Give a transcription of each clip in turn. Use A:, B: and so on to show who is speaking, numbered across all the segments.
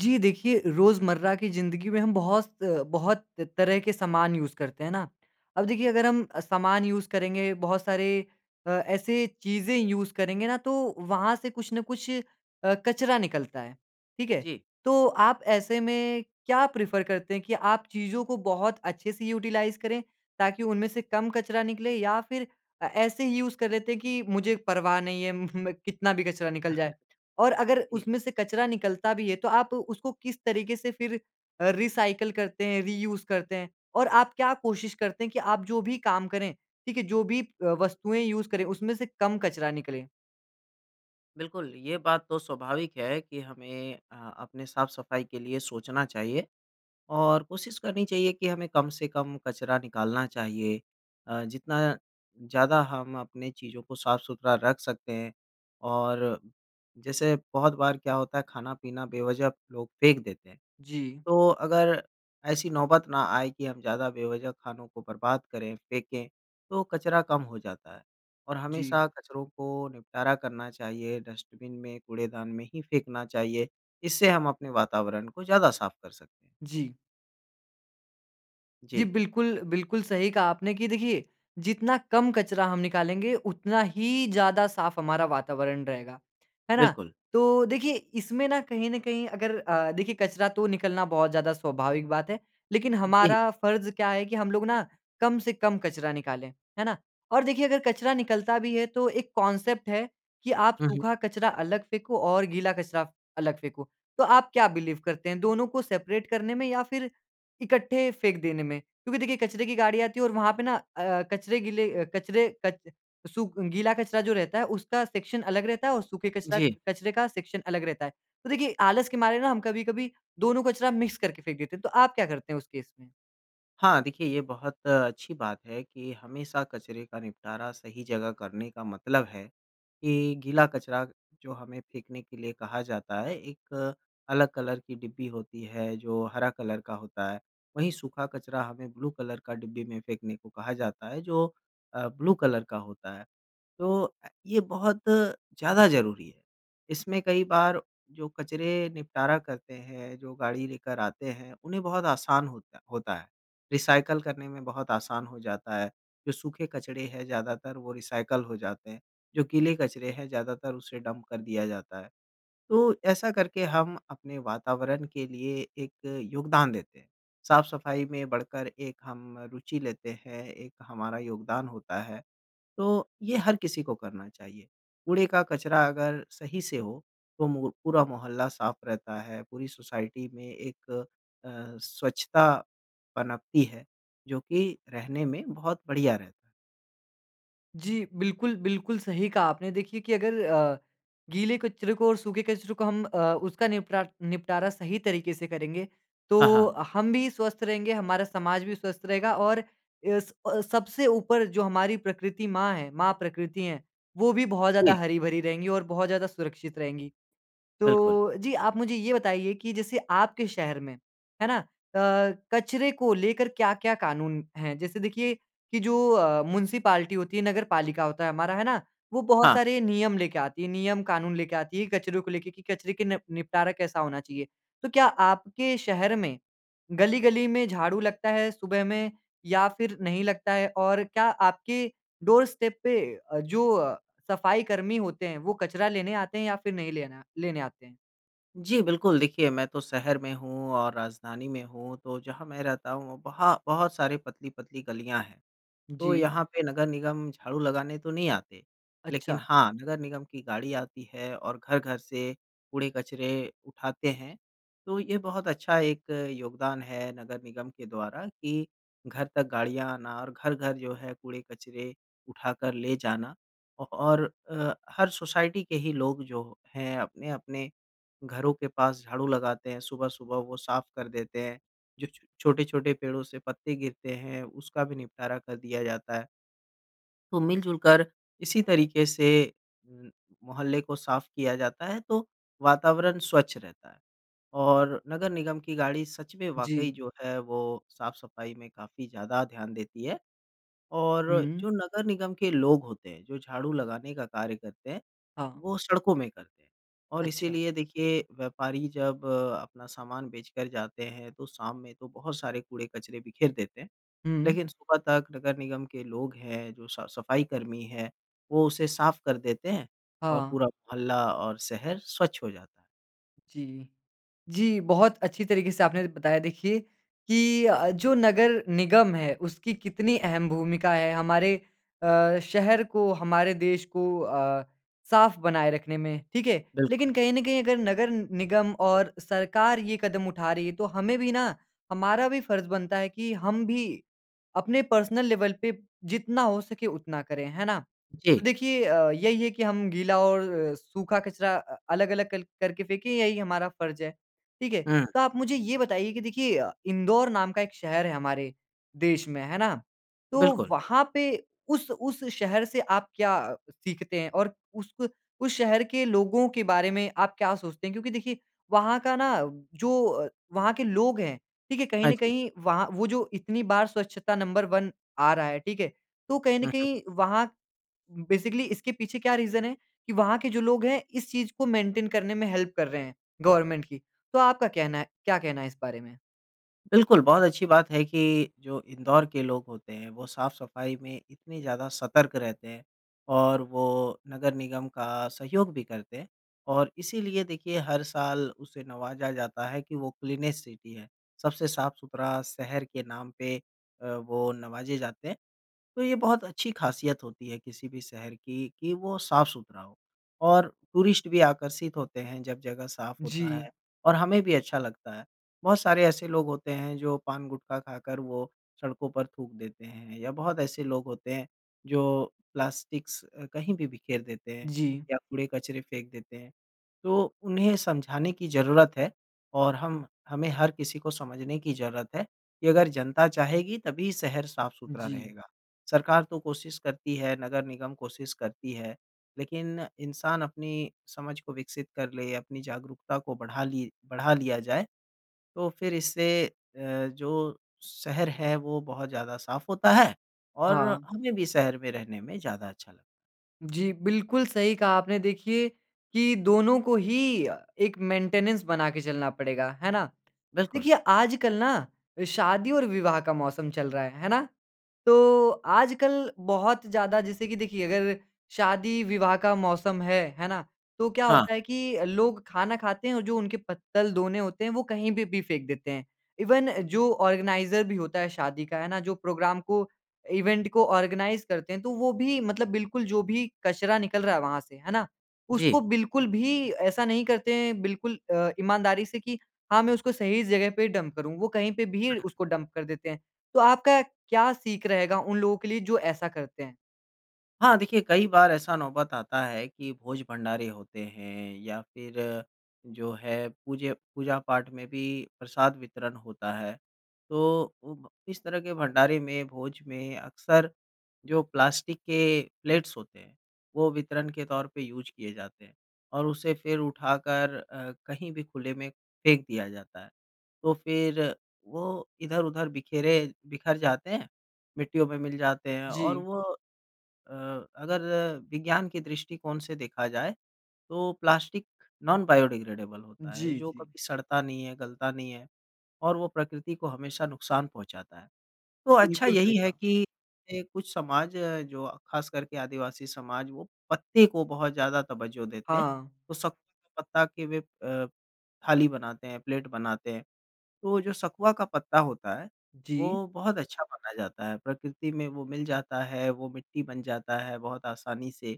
A: जी देखिए रोज़मर्रा की ज़िंदगी में हम बहुत बहुत तरह के सामान यूज़ करते हैं ना। अब देखिए अगर हम सामान यूज़ करेंगे, बहुत सारे अ, ऐसे चीज़ें यूज़ करेंगे ना तो वहाँ से कुछ ना कुछ अ, कचरा निकलता है, ठीक है।
B: जी।
A: तो आप ऐसे में क्या प्रेफ़र करते हैं कि आप चीज़ों को बहुत अच्छे से यूटिलाइज़ करें ताकि उनमें से कम कचरा निकले या फ़िर अ, ऐसे ही यूज़ कर लेते हैं कि मुझे परवाह नहीं है म अ, कितना भी कचरा निकल जाए? और अगर
B: जी।
A: उसमें से कचरा निकलता भी है तो आप उसको किस तरीक़े से फ़िर अ, रिसायकल करते हैं, रियूज़ करते हैं? और आप क्या कोशिश करते हैं कि आप जो भी काम करें, ठीक है जो भी अ, वस्तुएँ यूज़ करें, उसमें से कम कचरा निकले?
B: बिल्कुल ये बात तो स्वाभाविक है कि हमें अ, अपने साफ़-सफ़ाई के लिए सोचना चाहिए, और कोशिश करनी चाहिए कि हमें कम से कम कचरा निकालना चाहिए। अ, जितना ज़्यादा हम अपनी चीज़ों को साफ़-सुथरा रख सकते हैं और जैसे बहुत बार क्या होता है ख़ाना-पीना बेवज़ह लोग फ़ेंक देते हैं,
A: जी।
B: तो अगर ऐसी नौबत ना आए कि हम ज़्यादा बेवज़ह ख़ानों को बर्बाद करें, फ़ेंके तो कचरा कम हो जाता है और
A: जी।
B: हमेशा कचरों को निपटारा करना चाहिए, डस्टबिन में कूड़ेदान में ही फ़ेंकना चाहिए। इससे हम अपने वातावरण को ज़्यादा साफ़ कर सकते हैं।
A: जी। जी
B: जी।
A: बिल्कुल, बिल्कुल सही कहा आपने कि देखिए जितना कम कचरा हम निकालेंगे उतना ही ज़्यादा साफ़ हमारा वातावरण रहेगा। है ना?
B: बिल्कुल।
A: तो देखिए इसमें ना कहीं न कहीं अगर अ, देखिए कचरा तो निकलना बहुत ज़्यादा स्वाभाविक बात है। लेक़िन
B: जी।
A: हमारा फ़र्ज़ क्या है कि हम लोग ना कम से कम कचरा निकालें। है ना? और देखिए अगर कचरा निकलता भी है तो एक कॉन्सेप्ट है कि आप
B: हुँ, हुँ।
A: सूखा कचरा अलग फ़ेंको, और गीला कचरा आप अलग फ़ेंको। तो आप क्या बिलीव करते हैं? दोनों को सेपरेट करने में या फ़िर इकट्ठे फ़ेंक देने में? क्योंकि देखिए कचरे की गाड़ी आती है और वहाँ पे ना अ अ, कचरे गीले अ, कचरे कच सुख गीला कचरा जो रहता है उसका सेक्शन अलग रहता है और सूखे कचरा
B: जी।
A: कचरे का सेक्शन अलग रहता है। तो देखिए आलस के मारे ना हम कभी-कभी दोनों कचरा मिक्स करके फ़ेंक देते हैं। तो आप क्या करते हैं उस केस में?
B: हाँ, देखिए ये बहुत अ, अच्छी बात है कि हमेशा कचरे का निपटारा सही जगह करने का मतलब है कि गीला कचरा जो हमें फ़ेंकने के लिए कहा जाता है, एक अलग कलर की डिब्बी होती है, जो हरा कलर का होता है। वहीं सूखा कचरा हमें ब्लू कलर का डिब्बी में फ़ेंकने को कहा जाता है जो, अ, ब्लू कलर का होता है। तो अ, ये बहुत ज़्यादा ज़रूरी है। इसमें कई बार जो कचरे निपटारा करते हैं जो गाड़ी लेकर आते हैं उन्हें बहुत आसान होता होता है। रिसाइकल करने में बहुत आसान हो जाता है जो सूखे कचरे हैं ज़्यादातर वो रिसाइकल हो जाते हैं जो गीले कचरे हैं ज़्यादातर उसे डंप कर दिया जाता है। तो ऐसा करके हम अपने वातावरण के लिए एक योगदान देते हैं साफ़-सफ़ाई में बढ़कर एक हम रुचि लेते हैं, एक हमारा योगदान होता है, तो ये हर किसी को करना चाहिए। कूड़े का कचरा अगर सही से हो तो मू पूरा मोहल्ला साफ़ रहता है, पूरी सोसाइटी में एक अ, स्वच्छता पनपती है जो कि रहने में बहुत बढ़िया रहता है।
A: जी बिल्कुल, बिल्कुल सही कहा आपने। देखिए कि अगर अ, गीले कचरे को और सूखे कचरे को हम अ, उसका निपटा निपटारा सही तरीके से करेंगे।
B: हाँ,
A: तो
B: हाँ।
A: हम भी स्वस्थ रहेंगे, हमारा समाज भी स्वस्थ रहेगा और एस अ, सबसे ऊपर जो हमारी प्रकृति माँ है, माँ प्रकृति है। वो भी बहुत ज़्यादा
B: जी।
A: हरी-भरी रहेंगी और बहुत ज़्यादा सुरक्षित रहेंगी।
B: बिल्कुल।
A: तो जी, आप मुझे ये बताइए कि जैसे आपके शहर में। है ना? अ, कचरे को लेकर क्या-क्या कानून हैं? जैसे देखिए कि जो अ, म्युनिसिपालिटी होती है, नगरपालिका होता है हमारा। है ना? वो बहुत
B: हाँ।
A: सारे नियम लेके आती है। नियम, कानून लेके आती है कचरो को लेके कि कचरे का नेप निपटारा कैसा होना चाहिए। तो क्या आपके शहर में गली-गली में झाड़ू लगता है सुबह में या फ़िर नहीं लगता है? और क्या आपके डोरस्टेप पे अ, जो अ, सफाई कर्मी होते हैं वो कचरा लेने आते हैं या फ़िर नहीं लेना लेने आते हैं?
B: जी, बिल्कुल देखिए मैं तो शहर में हूँ और राजधानी में हूँ तो जहाँ मैं रहता हूँ वहाँ बहुत सारे पतली-पतली गलियाँ हैं। तो
A: जी।
B: यहाँ पे नगर निगम झाड़ू लगाने तो नहीं आते। लेकिन
A: अच्छा।
B: हाँ, नगर निगम की गाड़ी आती है और घर-घर से कूड़े-कचरे उठाते हैं। तो ये बहुत अच्छा एक योगदान है नगर निगम के द्वारा कि घर तक गाड़ियाँ आना और घर-घर जो है कूड़े-कचरे उठाकर ले जाना। ओ और अ, हर सोसाइटी के ही लोग जो हैं अपने-अपने घरों के पास झाड़ू लगाते हैं सुबह-सुबह वो साफ कर देते हैं। जो छो छोटे-छोटे पेड़ों से पत्ते गिरते हैं उसका भी निपटारा कर दिया जाता है। तो मिल-जुल कर इसी तरीके से उ मोहल्ले को साफ किया जाता है, तो वातावरण स्वच्छ रहता है। और नगर निगम की गाड़ी सच में वाक़ई
A: जी।
B: जो है वो साफ़-सफाई में काफ़ी ज़्यादा ध्यान देती है। और
A: हुँ।
B: जो नगर निगम के लोग होते हैं जो झाड़ू लगाने का कार्य करते हैं
A: हाँ।
B: वो सड़कों में करते हैं। और
A: अच्छा।
B: इसलिए देखिए, व्यापारी जब अ, अपना सामान बेचकर जाते हैं तो शाम में तो बहुत सारे कूड़े-कचरे बिखेर देते हैं।
A: हुँ।
B: लेकिन सुबह तक नगर निगम के लोग हैं जो स सफाई कर्मी हैं, वो उसे साफ कर देते हैं और
A: हाँ।
B: पूरा मोहल्ला और शहर स्वच्छ हो जाता है।
A: जी, जी, बहुत अच्छी तरीके से आपने बताया देखिए कि अ अ, जो नगर निगम है, उसकी कितनी अहम भूमिका है हमारे अ, शहर को, हमारे देश को अ, साफ बनाए रखने में, ठीक है। लेकिन
B: बिल्कुल।
A: कहीं न कहीं अगर नगर निगम और सरकार ये कदम उठा रही है, तो हमें भी ना हमारा भी फर्ज़ बनता है कि हम भी अपने पर्सनल लेवल पे जितना हो सके उतना करे, है ना?
B: जी।
A: तो देखिए अ, यही है कि हम गीला और सूखा कचरा अ, अलग-अलग कल करके फेंके, यही हमारा फर्ज है, ठीक है।
B: हुँ।
A: तो आप मुझे ये बताइए कि देखिए अ, इंदौर नाम का एक शहर है हमारे देश में है ना, तो
B: बिल्कुल।
A: वहाँ पे उस उस शहर से आप क्या सीखते हैं? और उसक उस शहर के लोगों के बारे में आप क्या सोचते हैं? क्योंकि देखिए वहाँ का ना जो अ, वहाँ के लोग है, देखिए कहीं
B: हाँ
A: न
B: जी।
A: कहीं वहाँ वो जो इतनी बार स्वच्छता नंबर 1 आ रहा है, ठीक है। तो कहीं न
B: हुँ, हुँ।
A: कहीं वहाँ उम, बेसिकली इसके पीछे क्या रीज़न है कि वहाँ के जो लोग हैं, इस चीज़ को मेंटेन करने में हेल्प कर रहे हैं गवर्नमेंट की, तो आपका कहना है क्या कहना है इस बारे में?
B: बिल्कुल, बहुत अच्छी बात है कि जो इंदौर के लोग होते हैं, वो साफ़-सफ़ाई में इतनी ज़्यादा सतर्क रहते हैं और वो नगर निगम का सहयोग भी करते हैं और इसीलिए देखिए हर साल उसे नवाज़ा जाता है कि वो क्लीनेस्ट सिटी है। सबसे साफ़-सुथरा शहर के नाम पे अ, वो नवाज़े जाते हैं। तो ये बहुत अच्छी खासियत होती है, किसी भी शहर की कि वो साफ़-सुथरा हो और टूरिस्ट भी आकर्षित होते हैं जब जगह साफ होता है
A: जी।
B: और हमें भी अच्छा लगता है। बहुत सारे ऐसे लोग होते हैं, जो पान-गुटखा खाकर वो सड़कों पर थूक देते हैं या बहुत ऐसे लोग होते हैं जो प्लास्टिक्स कहीं भी बिखेर देते हैं
A: जी।
B: या कूड़े-कचरे फेंक देते हैं। तो उन्हें समझाने की ज़रूरत है और हम हमें हर किसी को समझने की ज़रूरत है कि अगर जनता चाहेगी तभी शहर साफ़-सुथरा
A: जी।
B: रहेगा। सरकार तो कोशिश करती है, नगर निगम कोशिश करती है, लेकिन इंसान अपनी समझ को विकसित कर ले, अपनी जागरूकता को बढ़ा ली बढ़ा लिया जाए, तो फिर इससे अ, जो शहर है वो बहुत ज़्यादा साफ होता है और
A: हाँ।
B: हमें भी शहर में रहने में ज़्यादा अच्छा लगता है।
A: जी, बिल्कुल सही कहा आपने। देखिए कि दोनों को ही एक मेंटेनेंस बना के चलना पड़ेगा, है ना?
B: बिल्कुल।
A: देखिए आजकल ना शादी और विवाह का मौसम चल रहा है, है ना? तो आजकल बहुत ज़्यादा जैसे कि देखिए अगर शादी-विवाह का मौसम है। है ना? तो क्या होता
B: हाँ।
A: है कि लोग खाना खाते हैं और जो उनके पत्तल-दोने होते हैं वो कहीं पे भी फेंक देते हैं। इवन जो ऑर्गेनाइज़र भी होता है शादी का। है ना? जो प्रोग्राम को, इवेंट को ऑर्गनाइज़ करते हैं। तो वो भी मतलब बिल्कुल जो भी कचरा निकल रहा है वहाँ से, है ना? उसको
B: जी।
A: बिल्कुल भी ऐसा नहीं करते हैं बिल्कुल अ, ईमानदारी से कि हाँ मैं उसको सही जगह पे डंप करूँ। वो कहीं पे भी
B: [unintelligible]
A: उसको डंप कर देते हैं। तो आपका क्या सीख रहेगा उन लोगों के लिए जो ऐसा करते हैं?
B: हाँ, देखिए कई बार ऐसा नौबत आता है कि भोज-भंडारे होते हैं या फ़िर जो है पूजे पूजा-पाठ में भी प्रसाद वितरण होता है। तो उब इस तरह के भंडारे में, भोज में अक्सर जो प्लास्टिक के प्लेट्स होते हैं। वो वितरण के तौर पे यूज़ किए जाते हैं और उसे फ़िर उठाकर अ, कहीं भी खुले में फेंक दिया जाता है। तो फ़िर वो इधर-उधर बिखेरे बिखर जाते हैं, मिट्टियों में मिल जाते हैं। और
A: जी।
B: वो अ, अगर विज्ञान के दृष्टिकोण से देखा जाए, तो प्लास्टिक नॉन बायोडिग्रेडेबल होता है
A: जी,
B: जो
A: जी।
B: कभी सड़ता नहीं है, गलता नहीं है और वो प्रकृति को हमेशा नुकसान पहुँचाता है। तो अच्छा
A: बिल्कुल, सही
B: यही है
A: कहा।
B: कि ए कुछ समाज जो ख़ासकर के आदिवासी समाज वो पत्ते को बहुत ज़्यादा तवज्जो देते हैं।
A: हाँ।
B: तो सकुए के पत्ता के वह अ, थाली बनाते हैं, प्लेट बनाते हैं। तो वो जो सकुआ का पत्ता होता है
A: जी।
B: वो बहुत अच्छा माना जाता है, प्रकृति में वो मिल जाता है, वो मिट्टी बन जाता है बहुत आसानी से।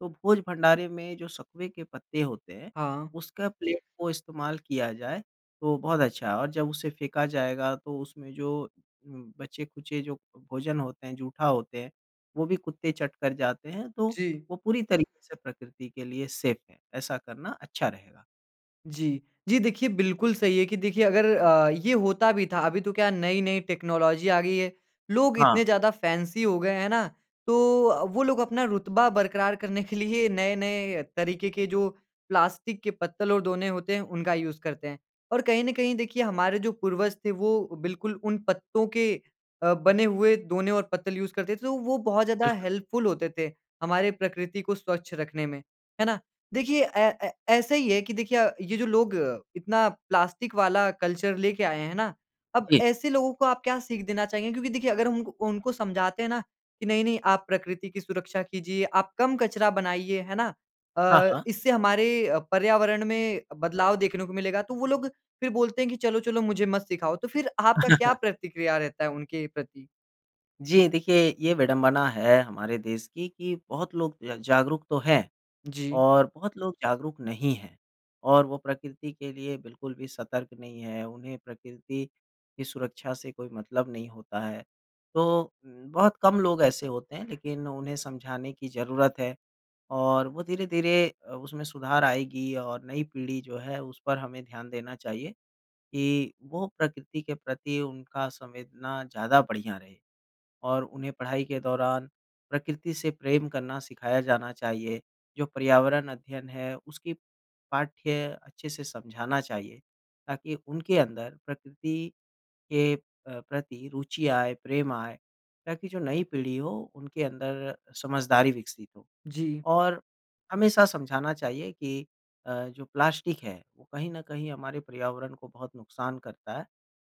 B: तो भोज-भंडारे में जो सकुए के पत्ते होते हैं,
A: हाँ।
B: उसका प्लेट को इस्तेमाल किया जाए तो बहुत अच्छा है और जब उसे फेंका जाएगा तो उसमें जो बचे-खुचे जो भोजन होते हैं, जूठा होते हैं, वो भी कुत्ते चट कर जाते हैं। तो
A: जी।
B: वो पूरी तरीके से प्रकृति के लिए सेफ है। ऐसा करना अच्छा रहेगा।
A: जी। जी, देखिए बिल्कुल सही है कि देखिए अगर अ, ये होता भी था, अभी तो क्या नई-नई टेक्नोलॉजी आ गयी है, लोग इतने
B: हाँ।
A: ज़्यादा फैंसी हो गए हैं है ना, तो अ, वो लोग अपना रुतबा बरकरार करने के लिए नए-नए तरीक़े के जो प्लास्टिक के पत्तल और ढोने होते हैं उनका यूज़ करते हैं। और कहीं न कहीं देखिए हमारे जो पूर्वज थे वो बिल्कुल उन पत्तों के अ, बने हुए ढोने और पत्तल यूज़ करते थे तो वो बहुत ज़्यादा
B: बिल्कुल।
A: हेल्पफ़ुल होते थे, हमारे प्रकृति को स्वच्छ रखने में, है ना? देखिए ए ए ऐसा ही है कि देखिए ये जो लोग इतना प्लास्टिक वाला कल्चर लेके आए हैं ना, अब
B: जी।
A: ऐसे लोगों को आप क्या सीख देना चाहेंगे? क्योंकि देखिए अगर हम उनक उनको समझाते हैं ना कि नहीं, नहीं आप प्रकृति की सुरक्षा कीजिए, आप कम कचरा बनाइए, है ना,
B: हाँ,
A: अ,
B: हाँ।
A: इससे हमारे अ, पर्यावरण में बदलाव देखने को मिलेगा तो वो लोग फ़िर बोलते हैं कि चलो-चलो मुझे मत सिखाओ। तो फ़िर आपका क्या प्रतिक्रिया रहता है उनके प्रति?
B: जी देखिए ये विड़ंबना है हमारे देश की कि बहुत लोग ज जागरूक तो हैं
A: जी।
B: और बहुत लोग जागरूक नहीं हैं। और वो प्रकृति के लिए बिल्कुल भी सतर्क नहीं हैं, उन्हें प्रकृति की सुरक्षा से कोई मतलब नहीं होता है। तो म बहुत कम लोग ऐसे होते हैं लेक़िन उन्हें समझाने की ज़रूरत है और वो धीरे-धीरे अ, उसमें सुधार आएगी और नई पीढ़ी जो है उस पर हमें ध्यान देना चाहिए कि वो प्रकृति के प्रति उनका संवेदना ज़्यादा बढ़ियाँ रहे। और उन्हें पढ़ाई के दौरान प्रकृति से प्रेम करना सिखाया जाना चाहिए जो पर्यावरण अध्ययन है उसकी पाठ्य अच्छे से समझाना चाहिए, ताकि उनके अंदर प्रकृति के अ, प्रति रुचि आए, प्रेम आए ताकि जो नई पीढ़ी हो उनके अंदर समझदारी विकसित हो।
A: जी।
B: और हमेशा समझाना चाहिए कि अ, जो प्लास्टिक है वो कहीं न कहीं हमारे पर्यावरण को बहुत नुकसान करता है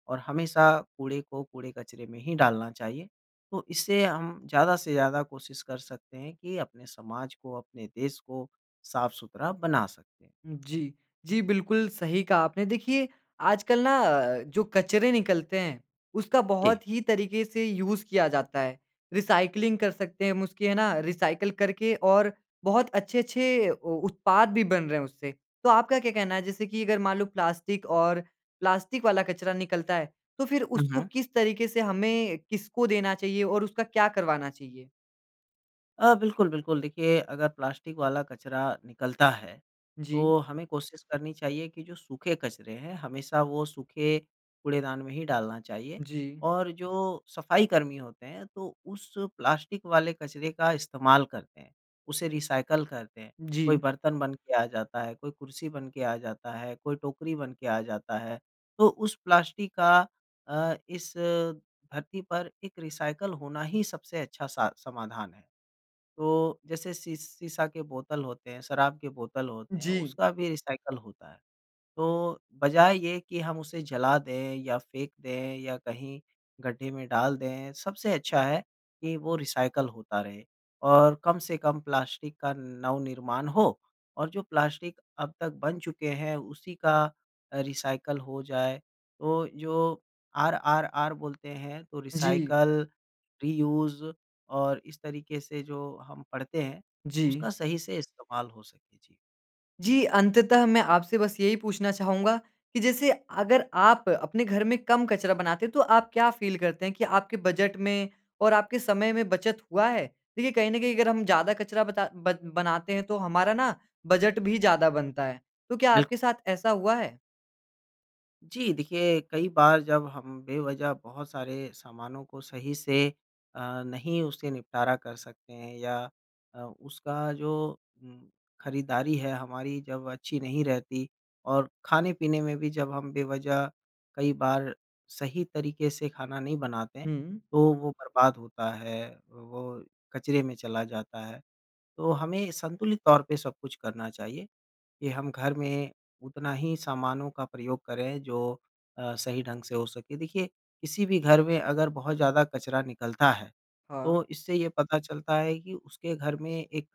B: और हमेशा कूड़े को कूड़े-कचरे में ही डालना चाहिए। तो इससे हम ज़्यादा से ज़्यादा कोशिश कर सकते हैं कि अपने समाज को अपने देश को साफ़-सुथरा बना सकें।
A: जी। जी, बिल्कुल सही कहा आपने। देखिए आजकल ना अ, जो कचरे निकलते हैं, उसका
B: के
A: बहुत ही तरीक़े से यूज़ किया जाता है। रिसाइक्लिंग कर सकते हैं हम उसकी है ना, रिसाइकिल करके और बहुत अच्छे-अच्छे ओ उत्पाद भी बन रहे हैं उससे। तो आपका क्या कहना है जैसे कि अगर मान लो प्लास्टिक और प्लास्टिक वाला कचरा निकलता है तो फ़िर
B: हुँ,
A: उसको
B: हुँ।
A: किस तरीक़े से हमें किसको देना चाहिए और उसका क्या करवाना चाहिए?
B: अ, बिल्कुल, बिल्कुल देखिए अगर प्लास्टिक वाला कचरा निकलता है,
A: जी।
B: तो हमें कोशिश करनी चाहिए कि जो सूखे कचरे हैं, हमेशा वह सूखे कूड़ेदान में ही डालना चाहिए
A: जी।
B: और जो सफाई कर्मी होते हैं तो उस प्लास्टिक वाले कचरे का इस्तेमाल करते हैं। उसे रिसाइकल करते हैं। कोई
A: जी।
B: बर्तन बन के आ जाता है, कोई कुर्सी बन के आ जाता है, कोई टोकरी बन के आ जाता है, तो उस प्लास्टिक का अ, इस धरती पर एक रिसाइकल होना ही सबसे अच्छा सा समाधान है। तो जैसे सी सीसा के बोतल होते हैं, शराब के बोतल होते हैं,
A: जी।
B: उसका भी रिसाइकल होता है। तो बजाय ये कि हम उसे जला दें या फेंक दें या कहीं गड्ढे में डाल दें, सबसे अच्छा है कि वो रिसाइकल होता रहे और कम से कम प्लास्टिक का नवनिर्माण हो और जो प्लास्टिक अब तक बन चुके हैं, उसी का अ, रिसाइकल हो जाए। तो जो आरआरआर बोलते हैं तो
A: जी।
B: रिसाइकल, रियूज और इस तरीके से जो हम पढ़ते हैं,
A: जी।
B: उसका सही से इस्तेमाल हो सके। जी।
A: जी अंततः मैं आपसे बस यही पूछना चाहूँगा कि जैसे अगर आप अपने घर में कम कचरा बनाते, तो आप क्या फील करते हैं कि आपके बजट में और आपके समय में बचत हुआ है? देखिए कहीं न कहीं अगर हम ज़्यादा कचरा बता बद बनाते हैं, तो हमारा ना बजट भी ज़्यादा बनता है। तो क्या
B: बिल्क
A: आपके साथ ऐसा हुआ है?
B: जी, देखिए, कई बार जब हम बेवजह बहुत सारे सामानों को सही से अ, नहीं उसे निपटारा कर सकते हैं या अ, उसका जो उम, खरीदारी है हमारी जब अच्छी नहीं रहती और खाने-पीने में भी जब हम बेवजह कई बार सही तरीके से खाना नहीं बनाते हैं,
A: हुँ।
B: तो वो बर्बाद होता है, वो कचरे में चला जाता है। तो हमें संतुलित तौर पे सब कुछ करना चाहिए, कि हम घर में उतना ही सामानों का प्रयोग करें जो अ, सही ढंग से हो सके। देखिए किसी भी घर में अगर बहुत ज़्यादा कचरा निकलता है, तो
A: हाँ।
B: इससे ये पता चलता है कि उसके घर में एक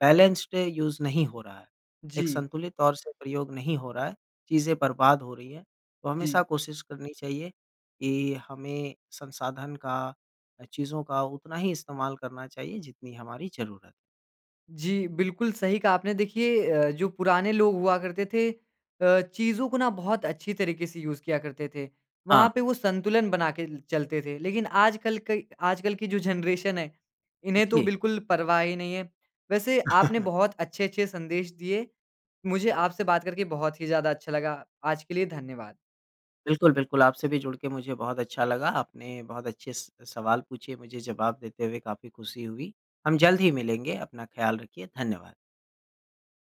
B: बैलेंस्ड यूज़ नहीं हो रहा है, एक
A: जी।
B: संतुलित तौर से प्रयोग नहीं हो रहा है, चीज़ें बर्बाद हो रही हैं। तो हमेशा
A: जी।
B: कोशिश करनी चाहिए कि हमें संसाधन का अ, चीज़ों का उतना ही इस्तेमाल करना चाहिए जितनी हमारी ज़रूरत है।
A: जी, बिल्कुल सही कहा आपने, देखिए अ, जो पुराने लोग हुआ करते थे, अ, चीज़ो को ना बहुत अच्छी तरीके से यूज़ किया करते थे। वहाँ
B: हाँ।
A: पे वो संतुलन बना के ल चलते थे, लेकिन आजकल कै आजकल की जो जेनरेशन है, इन्हें तो
B: पूछिए।
A: बिल्कुल परवाह ही नही है। वैसे आपने बहुत अच्छे-अच्छे संदेश दिए, मुझे आपसे बात करके बहुत ही ज़्यादा अच्छा लगा। आज के लिए धन्यवाद।
B: बिल्कुल, बिल्कुल, आपसे भी जुड़ के मुझे बहुत अच्छा लगा। आपने बहुत अच्छे स सवाल पूछे, मुझे जवाब देते हुए काफ़ी खुशी हुई। हम जल्द ही मिलेंगे, अपना ख्याल रखिए। धन्यवाद।